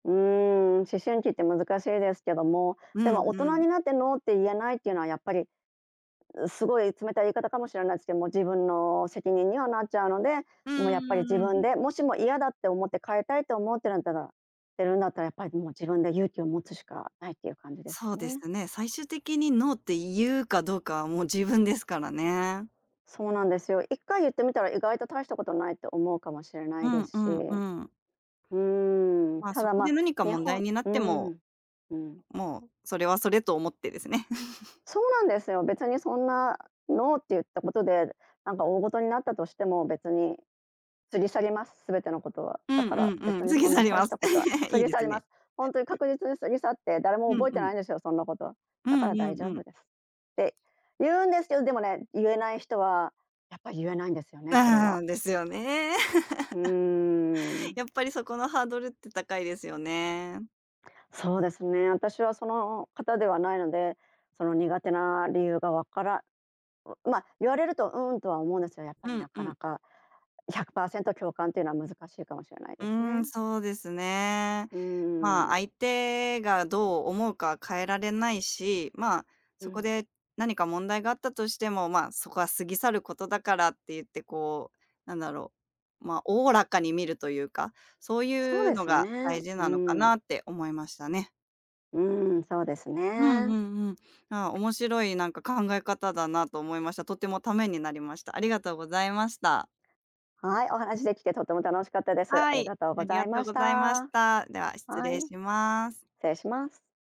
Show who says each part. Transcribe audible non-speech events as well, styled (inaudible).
Speaker 1: うーん、思春期って難しいですけども、
Speaker 2: う
Speaker 1: で
Speaker 2: ん
Speaker 1: も大
Speaker 2: う
Speaker 1: 人
Speaker 2: ん。
Speaker 1: になって「ノー」って言えないっていうのはやっぱり、う、すごい冷たい言い方かもしれないすけ、も、自分の責任にはなっちゃうので、
Speaker 2: う
Speaker 1: も、やっぱり自
Speaker 2: ん、う
Speaker 1: 分
Speaker 2: ーん。
Speaker 1: で、もしも嫌だって思って変えたいって思ってるんだらてるんだったら、やっぱり、も、自分で勇気を持つしかないってゆう感じです
Speaker 2: そ
Speaker 1: か
Speaker 2: うで
Speaker 1: ね。
Speaker 2: すね、最終的に「ノー」ってゆうかどうかは、もう自分ですからね。
Speaker 1: そうなんですよ。1回ゆってみたら意外と大したことないって思うかもしれな
Speaker 2: う
Speaker 1: いで
Speaker 2: んう
Speaker 1: すし。
Speaker 2: んう
Speaker 1: う
Speaker 2: ん。
Speaker 1: ーん。
Speaker 2: まあ、
Speaker 1: た
Speaker 2: そ
Speaker 1: だ、
Speaker 2: こで
Speaker 1: ま、
Speaker 2: 何か
Speaker 1: に
Speaker 2: 問題
Speaker 1: ほ
Speaker 2: になっ
Speaker 1: う
Speaker 2: ても、
Speaker 1: ん、うん。
Speaker 2: もう、それはそれと思ってですね。(chuckles)
Speaker 1: そうなんですよ、別にそんな、「ノー」ってゆったことで、なんかおおごとになったとしても、別に過ぎ去ります、全てのことは。
Speaker 2: うん
Speaker 1: だから
Speaker 2: うんう
Speaker 1: 別
Speaker 2: ん、
Speaker 1: に
Speaker 2: 過ぎ
Speaker 1: そん
Speaker 2: 去
Speaker 1: な
Speaker 2: り
Speaker 1: 大
Speaker 2: ま
Speaker 1: し
Speaker 2: す。
Speaker 1: たことは
Speaker 2: (chuckles)
Speaker 1: 過
Speaker 2: いい
Speaker 1: ぎ
Speaker 2: で
Speaker 1: 去
Speaker 2: す
Speaker 1: りま
Speaker 2: ね。
Speaker 1: す。ほんとに確実に過ぎ去って、誰も
Speaker 2: うん
Speaker 1: 覚え
Speaker 2: う
Speaker 1: てな
Speaker 2: ん。
Speaker 1: いんですよ、そんなこと。
Speaker 2: う
Speaker 1: だ
Speaker 2: ん
Speaker 1: から
Speaker 2: う
Speaker 1: 大
Speaker 2: ん
Speaker 1: 丈
Speaker 2: う
Speaker 1: 夫
Speaker 2: ん。
Speaker 1: ですってゆうんですけど、でもね、ゆえない人は、やっぱゆえないんですよね、これ
Speaker 2: あ
Speaker 1: は。
Speaker 2: あ、ですよね。(laughs)
Speaker 1: うーん。
Speaker 2: やっぱりそこのハードルって高いですよね。
Speaker 1: そうですね、私はその方ではないので、その苦手な理由がわからん、ま、言われると、うーんとは思うんですよ、やっぱ
Speaker 2: う
Speaker 1: りな
Speaker 2: んう
Speaker 1: か
Speaker 2: ん。
Speaker 1: なか、100%共感ってのは難しいかもしれない
Speaker 2: う
Speaker 1: で
Speaker 2: ー
Speaker 1: すね。
Speaker 2: ん、そうですね。
Speaker 1: うー
Speaker 2: まあ、
Speaker 1: ん。
Speaker 2: 相手がどう思うかは変えられないし、まあ、
Speaker 1: う
Speaker 2: そこ
Speaker 1: ん。
Speaker 2: で何か問題があったとしても、まあ、そこは過ぎ去ることだからってゆってこう、なんだろう、ま、おおらかに見るとゆうか、そう
Speaker 1: そう
Speaker 2: ゆう
Speaker 1: で
Speaker 2: の
Speaker 1: す
Speaker 2: が
Speaker 1: ね。
Speaker 2: 大事
Speaker 1: う
Speaker 2: なのか
Speaker 1: ん。
Speaker 2: なって思いましたね。
Speaker 1: うーん、そうです
Speaker 2: うんう
Speaker 1: ね。
Speaker 2: んうん。ああ、面白い、なんか、考え方だなと思いました。とてもためになりました。ありがとうございました。
Speaker 1: はい、お話できてとても楽しかったです。あ
Speaker 2: は
Speaker 1: り
Speaker 2: い、
Speaker 1: がとう
Speaker 2: あ
Speaker 1: ご
Speaker 2: り
Speaker 1: ざ
Speaker 2: が
Speaker 1: い
Speaker 2: と
Speaker 1: ま
Speaker 2: う
Speaker 1: し
Speaker 2: ございまし
Speaker 1: た。
Speaker 2: た。では失
Speaker 1: はい。
Speaker 2: 礼
Speaker 1: 失
Speaker 2: します。
Speaker 1: 礼します。